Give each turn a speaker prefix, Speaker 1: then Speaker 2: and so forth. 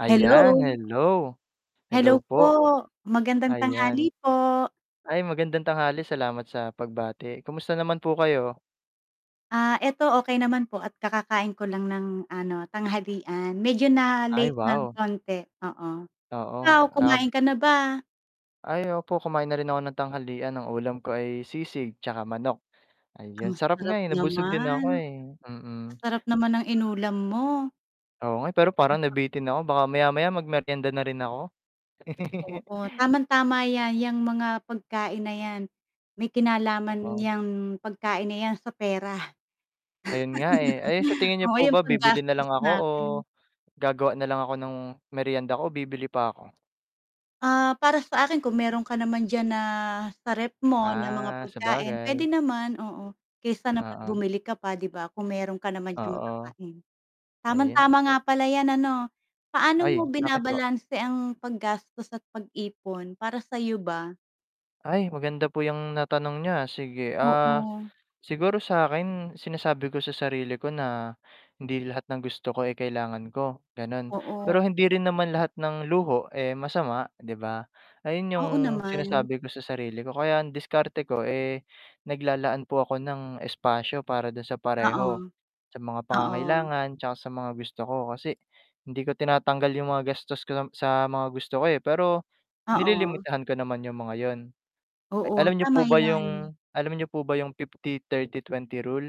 Speaker 1: Ayan,
Speaker 2: Hello.
Speaker 1: hello. Hello
Speaker 2: Hello po,
Speaker 1: po,
Speaker 2: magandang tanghali
Speaker 1: ayan.
Speaker 2: po.
Speaker 1: Ay, magandang tanghali, salamat sa pagbati. Kumusta naman po kayo?
Speaker 2: Ah, eto okey naman po at kakakain ko lang ng ano, tanghalian. Medyo
Speaker 1: Ay,
Speaker 2: na-late nang
Speaker 1: wow.
Speaker 2: konti. Oo,
Speaker 1: Oo,
Speaker 2: ikaw
Speaker 1: ab
Speaker 2: kumain ka na ba?
Speaker 1: Ay opo, kumain na rin ako ng tanghalian. Ang ulam ko ay sisig, tsaka manok.
Speaker 2: Ang
Speaker 1: Ayun, sarap nga
Speaker 2: sarap
Speaker 1: eh, nabusog din ako
Speaker 2: naman.
Speaker 1: eh,
Speaker 2: Ang
Speaker 1: mm.
Speaker 2: sarap naman
Speaker 1: S
Speaker 2: ng inulam mo.
Speaker 1: Oo nga eh, pero parang
Speaker 2: [unintelligible]
Speaker 1: nabitin ako. Baka maya-maya magmeryenda na rin ako.
Speaker 2: Oo. Tamang tama ‘yan, ‘yang mga pagkain na ‘yan, may kinalaman
Speaker 1: Oo.
Speaker 2: ‘yang pagkain na ‘yan sa pera.
Speaker 1: Ayun nga eh. Ayun, sa tingin nyo
Speaker 2: Oo,
Speaker 1: po
Speaker 2: yung
Speaker 1: ba bibili
Speaker 2: paggastos
Speaker 1: nalang ako o
Speaker 2: natin.
Speaker 1: gagawa nalang ako ng meryenda ko o bibili pa ‘ko?
Speaker 2: Ah, para sa akin kung meron ka naman diyan na sa ref mo na mga
Speaker 1: Ah,
Speaker 2: pagkain, pwede
Speaker 1: sabagay.
Speaker 2: naman, oo. Kaysa naman
Speaker 1: Oo.
Speaker 2: bumili ka pa ‘di ba, kung meron ka naman diyan
Speaker 1: Oo.
Speaker 2: makakain.
Speaker 1: Ayun.
Speaker 2: Tamang-tama nga
Speaker 1: [unintelligible]
Speaker 2: pala ‘yan ano. Paano
Speaker 1: Ay,
Speaker 2: mo
Speaker 1: bakit po?
Speaker 2: binabalanse ang paggastos at pag-ipon, para sa’yo ba?
Speaker 1: Ay, maganda po yung natanong niyo, ah, sige. Ah,
Speaker 2: Oo.
Speaker 1: siguro sa’kin sinasabi ko sa sarili ko na hindi lahat ng gusto ko, eh, kailangan ko ganun.
Speaker 2: Oo.
Speaker 1: Pero hindi rin naman lahat ng luho, eh, masama ‘di ba. Ayun yung
Speaker 2: Oo naman.
Speaker 1: sinasabi ko sa sarili ko. Kaya ang diskarte ko eh, naglalaan po ako ng espasyo para dun sa
Speaker 2: Oo,
Speaker 1: pareho, sa mga
Speaker 2: oo.
Speaker 1: pangangailangan tsaka sa mga gusto ko. Kasi hindi ko tinatanggal yung mga gastos ko na sa mga gusto ko, eh, pero
Speaker 2: Oo.
Speaker 1: nililimitahan ko naman yung mga yun. A
Speaker 2: Oo,
Speaker 1: alam nyo
Speaker 2: tama
Speaker 1: po ba
Speaker 2: ‘yan.
Speaker 1: yung alam nyo po ba yung 50, 30, 20 rule?